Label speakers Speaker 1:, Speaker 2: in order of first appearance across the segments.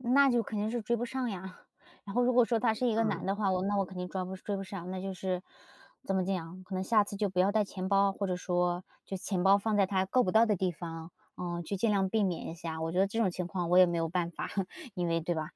Speaker 1: 那就肯定是追不上呀。然后如果说他是一个男
Speaker 2: 嗯。
Speaker 1: 的话，我那我肯定装不追不上，那就是怎么讲，可能下次就不要带钱包，或者说就钱包放在他够不到的地方，呃，去尽量避免一下。我觉得这种情况我也没有办法，因为对吧？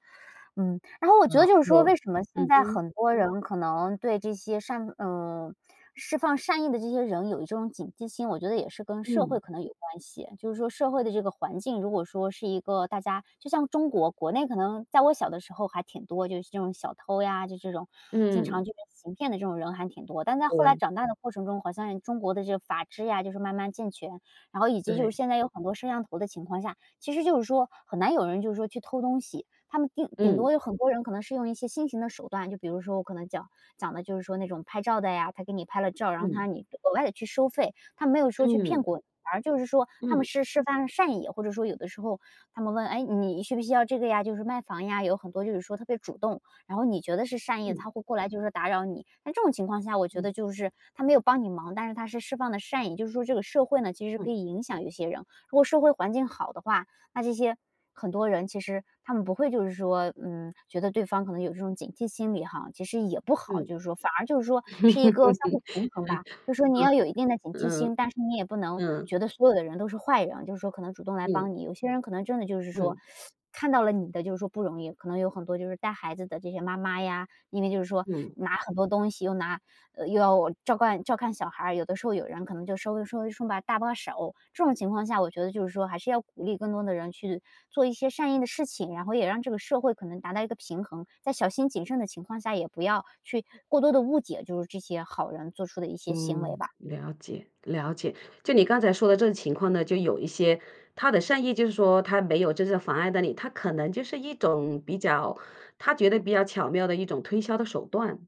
Speaker 1: 嗯，然后我觉得
Speaker 2: 哦，
Speaker 1: 就是说
Speaker 2: 我
Speaker 1: 为什么
Speaker 2: 嗯
Speaker 1: 现在
Speaker 2: 哼。
Speaker 1: 很多人可能对这些善呃，释放善意的这些人有一种警惕心，我觉得也是跟社会
Speaker 2: 嗯。
Speaker 1: 可能有关系。就是说社会的这个环境，如果说是一个大家就像中国国内可能在我小的时候还挺多就是这种小偷呀，就这种经
Speaker 2: 嗯。
Speaker 1: 常就说行骗的这种人还挺多。但是在后来
Speaker 2: 对。
Speaker 1: 长大的过程中，好像中国的这个法制呀，就是慢慢健全，然后以及，就是
Speaker 2: 对。
Speaker 1: 现在有很多摄像头的情况下，其实就是说很难有人，就是说去偷东西。他们顶顶
Speaker 2: 嗯。
Speaker 1: 多有很多人可能是用一些新型的手段，就比如说我可能讲讲的，就是说那种拍照的呀，他给你拍了照，然后他
Speaker 2: 嗯。
Speaker 1: 让你额外地去收费。他没有说去骗
Speaker 2: 嗯。
Speaker 1: 过你，反而就是说他们
Speaker 2: 嗯。
Speaker 1: 是释放了善意，或者说有的时候他们问：“哎，你需不需要这个呀？”就是卖房呀，有很多，就是说特别主动，然后你觉得是善意的，他
Speaker 2: 嗯。
Speaker 1: 会过来，就是打扰你。在这种情况下我觉
Speaker 2: 嗯。
Speaker 1: 得就是，他没有帮你忙，但是他是释放的善意。就是说这个社会呢其实可
Speaker 2: 嗯。
Speaker 1: 以影响一些人，如果社会环境好的话，那这些很多人其实他们不会就是说，嗯，觉得对方可能有这种警惕心理哈，其实也不好。
Speaker 2: 嗯。
Speaker 1: 就是说反而就是说，是一个相互平衡吧。就说你要 有一定的警惕
Speaker 2: 嗯，嗯，
Speaker 1: 心，但是你也不能
Speaker 2: 嗯。
Speaker 1: 觉得所有的人都是坏人。就是说可能主动来
Speaker 2: 嗯。
Speaker 1: 帮你有些人可能真的就是说
Speaker 2: 嗯。
Speaker 1: 看到了你的，就是说不容易。可能有很多就是带孩子的这些妈妈呀，因为就是说
Speaker 2: 嗯。
Speaker 1: 拿很多东西，又拿呃，又要，照看照看小孩，有的时候有人可能就稍微稍微顺把搭把手。这种情况下我觉得就是说，还是要鼓励更多的人去做一些善意的事情，然后也让这个社会可能达到一个平衡，在小心谨慎的情况下也不要去过多地误解就是这些好人做出的一些行为
Speaker 2: 嗯，
Speaker 1: 吧。
Speaker 2: 了解了解。就你刚才说的这个情况呢，就有一些他的善意就是说他没有真正妨碍到你，他可能就是一种比较他觉得比较巧妙的一种推销的手段。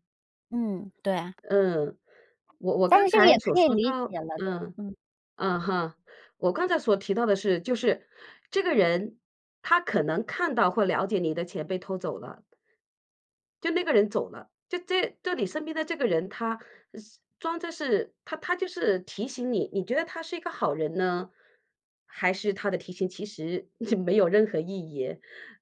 Speaker 1: 嗯，对。
Speaker 2: 嗯，我我
Speaker 1: 但
Speaker 2: 刚
Speaker 1: 是这个也
Speaker 2: 才所
Speaker 1: 可以
Speaker 2: 说
Speaker 1: 理
Speaker 2: 到
Speaker 1: 解了。对，
Speaker 2: 嗯，
Speaker 1: 嗯。
Speaker 2: 嗯哼。我刚才所提到的是，就是，这个人，他可能看到或了解你的钱被偷走了。就那个人走了，就这就你身边的这个人他是装着是他他就是提醒你，你觉得他是一个好人呢？还是他的提醒其实 没有任何意义？